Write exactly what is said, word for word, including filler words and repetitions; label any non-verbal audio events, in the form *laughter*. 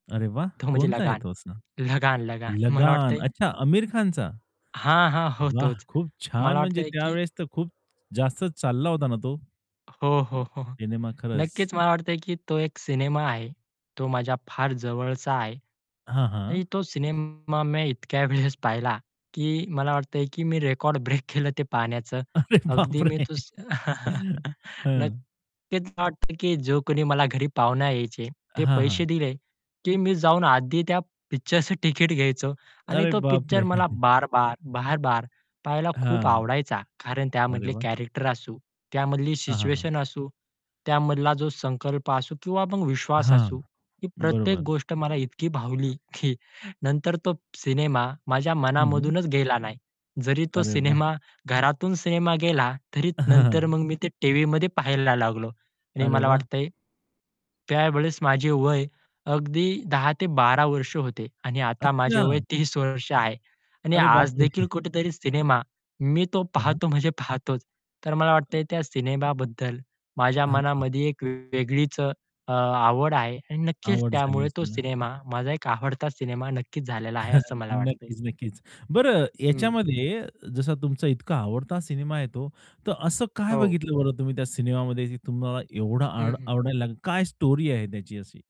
अरे, वाह! तो म्हणजे कोणता आहे लगान, तो असा? लगान, लगान. मला लगान वाटतंय अच्छा आमिर खानचा. हां, हां. हो वाह तोच. खूप छान मला म्हणजे वाटतंय की त्यावेळेस तर खूप जास्त चालला होता ना तो. हो, हो, हो, हो. सिनेमा खरंच. नक्कीच मला वाटतंय, की तो एक सिनेमा आहे. तो माझ्या फार जवळचा आहे. हां, हां. आणि तो सिनेमा मी इतक्या वेळेस पाहिला, की मला वाटतंय की मी रेकॉर्ड ब्रेक केलं ते पाहण्याचं, अरे अगदी मी बापरे. तो स *chuckles* हं. नक्कीच मला वाटत की जो कोणी मला घरी पाहुण्या यायचे, ते हां, पैसे हां. दिले, की मी जाऊन आधी त्या पिक्चरचं तिकीट घ्यायचो आणि अरे, तो बाप पिक्चर रे! मला *chuckles* बार-बार, बार-बार पहायला खूप हां. आवडायचा. कारण अरे, त्यामधले वाह! कॅरेक्टर असू, त्यामधली हां, हां, हां. सिच्युएशन असू, त्यामधली, जो संकल्प असू किंवा मग विश्वास हां, असू. ही प्रत्येक बरोबर. गोष्ट मला इतकी भावली की नंतर तो सिनेमा, माझ्या हं, हं. मनामधूनच गेला नाही. जरी तो अरे वाह! सिनेमा घरातून सिनेमा गेला तरी हं, नंतर हं. मग मी ते टीव्हीमध्ये पाहायला लागलो आणि अरे मला वाह! वाटतंय, त्यावेळेस माझे वय अगदी दहा ते बारा वर्ष होते आणि आता माझे वय अच्छा. तीस वर्ष आहे. आणि अरे, आज देखील बापरे. कुठेतरी सिनेमा, मी तो हां, हां. पाहतो म्हणजे पाहतोच, तर मला वाटतंय त्या सिनेमाबद्दल माझ्या हं. मनामध्ये एक वेगळीच अ, आवड आहे आणि नक्कीच आवड झाली त्यामुळे तो असेल ना. सिनेमा माझा एक आवडता सिनेमा नक्कीच झालेला आहे असं *chuckles* मला वाटतंय. नक्कीच, नक्कीच. बरं हं. याच्यामध्ये जसा तुमचा इतका आवडता सिनेमा येतो, तर असं काय हो. बघितलं बरं तुम्ही त्या सिनेमामध्ये तुम्हाला एवढं हं, आड हं. आवडायला लागेल? काय स्टोरी आहे त्याची अशी?